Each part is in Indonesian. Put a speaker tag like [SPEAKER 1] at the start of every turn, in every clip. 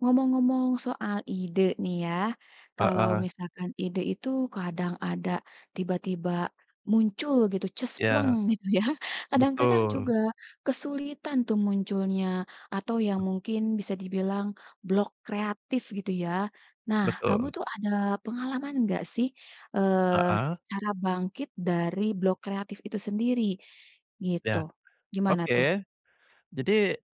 [SPEAKER 1] Ngomong-ngomong soal ide nih ya, kalau
[SPEAKER 2] Heeh.
[SPEAKER 1] misalkan ide itu kadang ada tiba-tiba muncul gitu, ces, pleng
[SPEAKER 2] Ya.
[SPEAKER 1] gitu ya, kadang-kadang
[SPEAKER 2] Betul.
[SPEAKER 1] juga kesulitan tuh munculnya atau yang mungkin bisa dibilang blok kreatif gitu ya. Nah, kamu
[SPEAKER 2] Betul.
[SPEAKER 1] tuh ada pengalaman nggak sih, eee,
[SPEAKER 2] Heeh.
[SPEAKER 1] cara bangkit dari blok kreatif itu sendiri, gitu.
[SPEAKER 2] Iya.
[SPEAKER 1] Gimana
[SPEAKER 2] Oke,
[SPEAKER 1] tuh?
[SPEAKER 2] jadi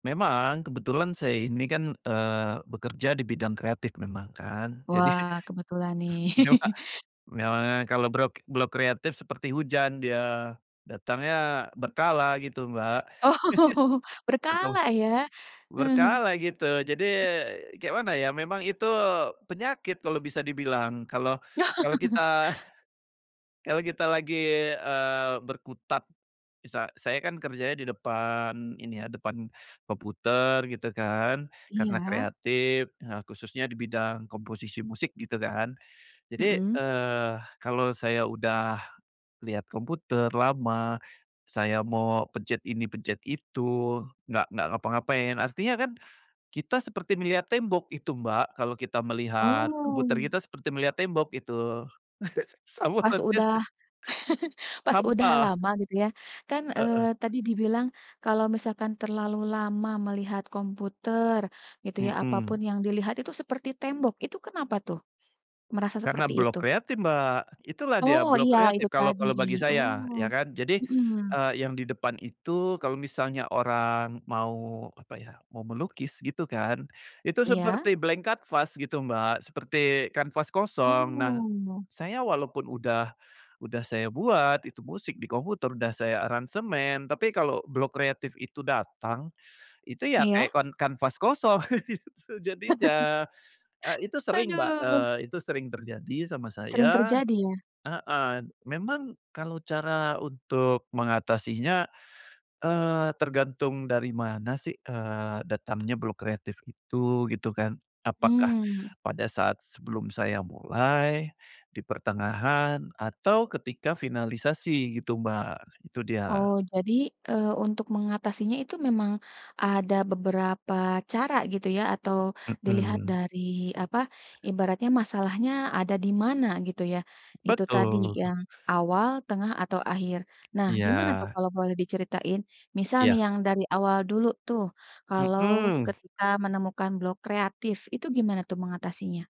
[SPEAKER 2] memang kebetulan saya ini kan, eee, bekerja di bidang kreatif memang kan jadi
[SPEAKER 1] Wah, kebetulan nih.
[SPEAKER 2] iya, Kak, memang ya kalau brok blok kreatif seperti hujan dia, datangnya berkala gitu, Mbak,
[SPEAKER 1] Oh.
[SPEAKER 2] betul.
[SPEAKER 1] Berkala ya? Heeh.
[SPEAKER 2] Berkala gitu, jadi kek mana ya, memang itu penyakit kalau bisa dibilang, kalau kalau kita kalau kita lagi, eee, berkutat. Misa saya kan kerjanya di depan ini ya, depan komputer gitu kan, karena
[SPEAKER 1] Iya.
[SPEAKER 2] kreatif, nah khususnya di bidang komposisi musik gitu kan. Jadi,
[SPEAKER 1] Mhm.
[SPEAKER 2] eee, kalau saya udah lihat komputer lama, saya mau pencet ini, pencet itu nggak nggak ngapa-ngapain, artinya kan kita seperti melihat tembok itu, Mbak, kalau kita melihat komputer
[SPEAKER 1] Oh.
[SPEAKER 2] kita seperti melihat tembok, itu. Sama
[SPEAKER 1] Pas
[SPEAKER 2] berarti.
[SPEAKER 1] udah
[SPEAKER 2] [unintelligible]
[SPEAKER 1] pas udah
[SPEAKER 2] Hampa.
[SPEAKER 1] lama gitu ya, kan,
[SPEAKER 2] Heeh.
[SPEAKER 1] eee, tadi dibilang, kalau misalkan terlalu lama melihat komputer gitu ya, apa pun
[SPEAKER 2] Mhm.
[SPEAKER 1] yang dilihat itu seperti tembok, itu kenapa tuh merasa
[SPEAKER 2] Karena
[SPEAKER 1] seperti
[SPEAKER 2] blok
[SPEAKER 1] itu?
[SPEAKER 2] kreatif, Mbak, itulah
[SPEAKER 1] Oh
[SPEAKER 2] dia blok
[SPEAKER 1] iya, itu
[SPEAKER 2] kreatif kalau
[SPEAKER 1] tadi,
[SPEAKER 2] kalau bagi saya,
[SPEAKER 1] oh.
[SPEAKER 2] ya kan. Jadi,
[SPEAKER 1] Mhm.
[SPEAKER 2] eee, yang di depan itu kalau misalnya orang mau apa ya, mau melukis gitu kan, itu
[SPEAKER 1] Iya.
[SPEAKER 2] seperti blank canvas gitu, Mbak, seperti kanvas kosong. Nah,
[SPEAKER 1] Oh.
[SPEAKER 2] saya walaupun udah udah saya buat itu musik di komputer, udah saya aransemen, tapi kalau blok kreatif itu datang, itu ya
[SPEAKER 1] Iya.
[SPEAKER 2] kayak kan kanvas kosong gitu jadinya. Eee, itu sering Mbak,
[SPEAKER 1] Aduh.
[SPEAKER 2] eee, itu sering terjadi sama
[SPEAKER 1] Sering
[SPEAKER 2] saya
[SPEAKER 1] terjadi ya?
[SPEAKER 2] heeh. Memang kalau cara untuk mengatasinya, eee, tergantung dari mana sih, eee, datangnya blok kreatif itu gitu kan. Apakah
[SPEAKER 1] Hmm.
[SPEAKER 2] pada saat sebelum saya mulai, di pertengahan, atau ketika finalisasi gitu, Mbak, itu dia.
[SPEAKER 1] Oh, jadi, eee, untuk mengatasinya itu memang ada beberapa cara gitu ya, atau dilihat
[SPEAKER 2] Mhm.
[SPEAKER 1] dari apa, ibaratnya masalahnya ada di mana, gitu ya, itu tadi
[SPEAKER 2] Betul.
[SPEAKER 1] yang awal, tengah atau akhir. Nah, gimana
[SPEAKER 2] Iya.
[SPEAKER 1] tuh kalau boleh diceritain, misal nih
[SPEAKER 2] Iya.
[SPEAKER 1] yang dari awal dulu tuh, kalau
[SPEAKER 2] Mhm.
[SPEAKER 1] ketika menemukan blok kreatif, itu gimana tuh mengatasinya?